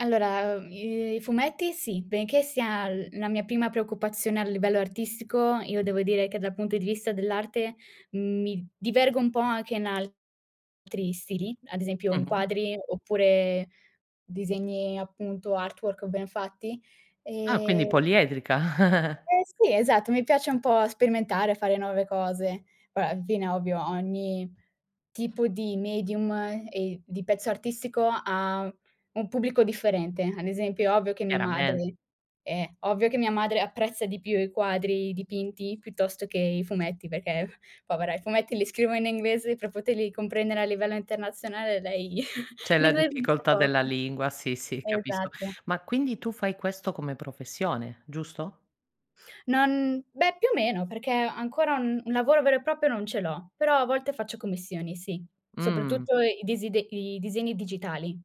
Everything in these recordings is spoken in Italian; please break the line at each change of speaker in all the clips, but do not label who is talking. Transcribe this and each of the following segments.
Allora, uhm, i i fumetti sì, benché sia l la mia prima preoccupazione a livello artistico, io devo dire che dal punto di vista dell'arte mi divergo un po' anche in altri stili, ad esempio in
Mh-mh.
quadri oppure disegni appunto, artwork ben fatti.
Ah quindi
Ehm
poliedrica.
Eh sì, esatto, mi piace un po' sperimentare, fare nuove cose. Ora, al fine ovvio, ogni tipo di medium e di pezzo artistico ha un pubblico differente. Ad esempio, ovvio che mia
Chiarame
madre eh, ovvio che mia madre apprezza di più i quadri dipinti piuttosto che i fumetti perché, povera, i fumetti li scrivo in inglese per poterli comprendere a livello internazionale, lei
C'è
di
la
inglese ne sa
difficoltà
poco.
della lingua, sì, sì capisco.
Esatto.
Ma quindi tu fai questo come professione, giusto?
Non beh, più o meno, perché ancora un un lavoro vero e proprio non ce l'ho, però a volte faccio commissioni sì,
Mh-mh.
soprattutto i desidec i disegni digitali.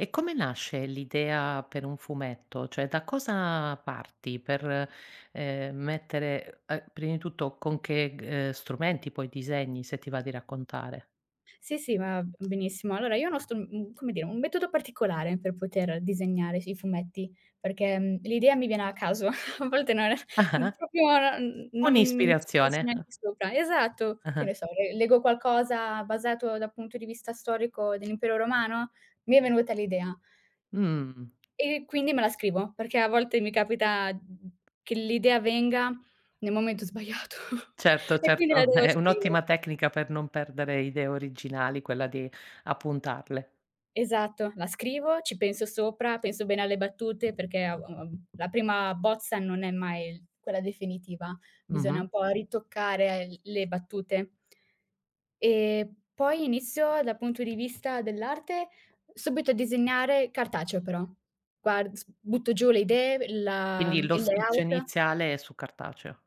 E come nasce l'idea per un fumetto? Cioè da cosa parti per, ehm, mettere uhm, è prima di tutto con che g ehm, strumenti poi disegni, se ti va di raccontare?
Sì, sì, va benissimo. Allora io no sto mhmm, come dire, un metodo particolare per poter disegnare fi i fumetti, perché, mhmm, l'idea mi viene a caso. A volte non mhmm,
Ah-ah.
proprio non mhmm, non, mhmm, ci penso
Un'ispirazione, ah.
neanche sopra. Esatto. Che
Ah-ah.
ne so, le leggo qualcosa basato dal punto di vista storico dell'impero romano? Mi è venuta l'idea.
Mhmm.
E e quindi me la scrivo, perché a volte mi capita, mh mh mhmm, che l'idea venga nel momento sbagliato
Certo,
e quindi la
certo,
devo
è
scrivere.
un'ottima tecnica per non perdere idee originali quella di appuntarle.
Esatto. La scrivo, ci penso sopra, penso bene alle battute, perché av av av la prima bozza non è mai quella definitiva. Bisogna
Mh-mh.
un po' ritoccare le battute. E poi inizio dal punto di vista dell'arte subito a disegnare, cartaceo però. Guard s butto giù le idee e la
Quindi
mhmm,
lo
il
schizzo
layout.
iniziale è su cartaceo.